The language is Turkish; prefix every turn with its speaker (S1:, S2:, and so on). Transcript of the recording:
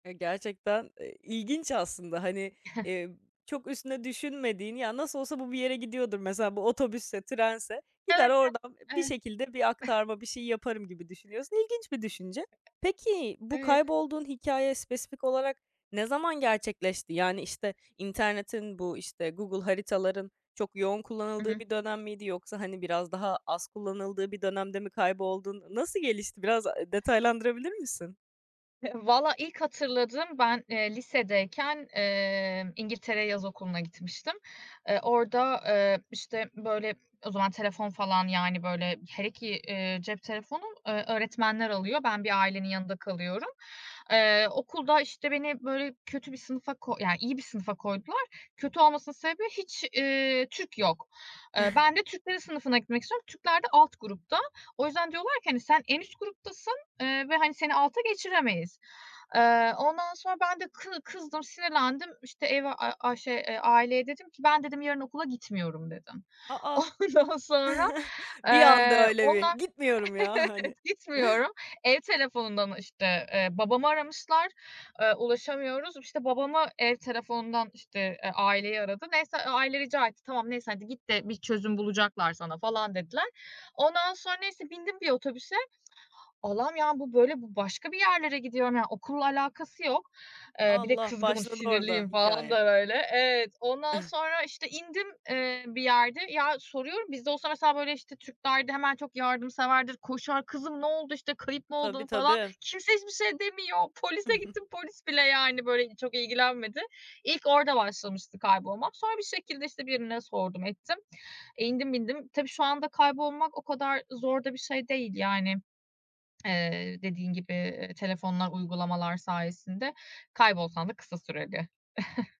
S1: E, gerçekten, eee, ilginç aslında. Hani, iii, çok üstüne düşünmediğin, "Ya, nasıl olsa bu bir yere gidiyordur." Mesela, bu otobüsse, trense, "Gider,
S2: Evet,
S1: oradan
S2: evet.
S1: bir
S2: Evet.
S1: şekilde bir aktarma, bir şey yaparım." gibi düşünüyorsun. İlginç bir düşünce. Peki bu
S2: Evet.
S1: kaybolduğun hikâye spesifik olarak ne zaman gerçekleşti? Yani, işte, internetin, bu, işte, Google Haritaların çok yoğun
S2: I
S1: kullanıldığı
S2: hı.
S1: bir dönem miydi? Yoksa, hani, biraz daha az kullanıldığı bir dönemde mi kayboldun? Nasıl gelişti? Biraz, ııı, detaylandırabilir misin?
S2: Vallahi, ilk hatırladığım: Ben, emm, lisedeyken, eee, İngiltere'ye yaz okuluna gitmiştim. Eee, orada, ııı, işte, böyle, o zaman telefon falan, yani, böyle, hele ki, eee, cep telefonu, ııı, öğretmenler alıyor. Ben bir ailenin yanında kalıyorum. Eee, okulda, işte, beni böyle kötü bir sınıfa ko Ya, iyi bir sınıfa koydular. Kötü olmasının sebebi, hiç, iii, Türk yok. Iıı, ben de Türklerin sınıfına gitmek istiyorum. Türkler de alt grupta. O yüzden diyorlar ki, hani, "Sen en üst gruptasın, ııı, ve hani seni alta geçiremeyiz." Eee, ondan sonra ben de kı kızdım, sinirlendim. İşte, eve a şey, eee, aileye dedim ki: "Ben" dedim, "yarın okula gitmiyorum." dedim.
S1: A, a!
S2: Ondan sonra,
S1: Bir anda
S2: eee,
S1: öyle bir.
S2: onlar
S1: "Gitmiyorum ya!"
S2: Evet,
S1: hani.
S2: gitmiyorum. Ev telefonundan, işte, eee, babamı aramışlar. Eee, ulaşamıyoruz. İşte, babamı ev telefonundan, işte, eee, aileyi aradı. Neyse, aile rica etti. "Tamam, neyse. Hadi git de bir çözüm bulacaklar sana." falan dediler. Ondan sonra, neyse, bindim bir otobüse. Allah'ım ya, bu, böyle, bu başka bir yerlere gidiyorum. Yani, okulla alakası yok. Eee, bir de
S1: Allah!
S2: kızgınım,
S1: Başladı orada
S2: sinirliyim falan
S1: hikâye.
S2: da böyle. Evet. Ondan sonra, işte, indim, eee, bir yerde. Ya, soruyorum, biz de olsa mesela, böyle, işte, Türkler'de hemen çok yardımseverdir, koşar. "Kızım ne oldu? İşte, kayıp mı
S1: Tabii,
S2: oldun?" falan.
S1: tabii.
S2: Kimse hiçbir şey demiyor. Polise gittim. Polis bile, yani, böyle, çok ilgilenmedi. İlk orada başlamıştı kaybolmak. Sonra bir şekilde, işte, birine sordum, ettim. İndim, bindim. Tabii, şu anda kaybolmak o kadar zor da bir şey değil. Yani, eee, dediğin gibi, ııı, telefonlar, uygulamalar sayesinde, kaybolsan da kısa süreli.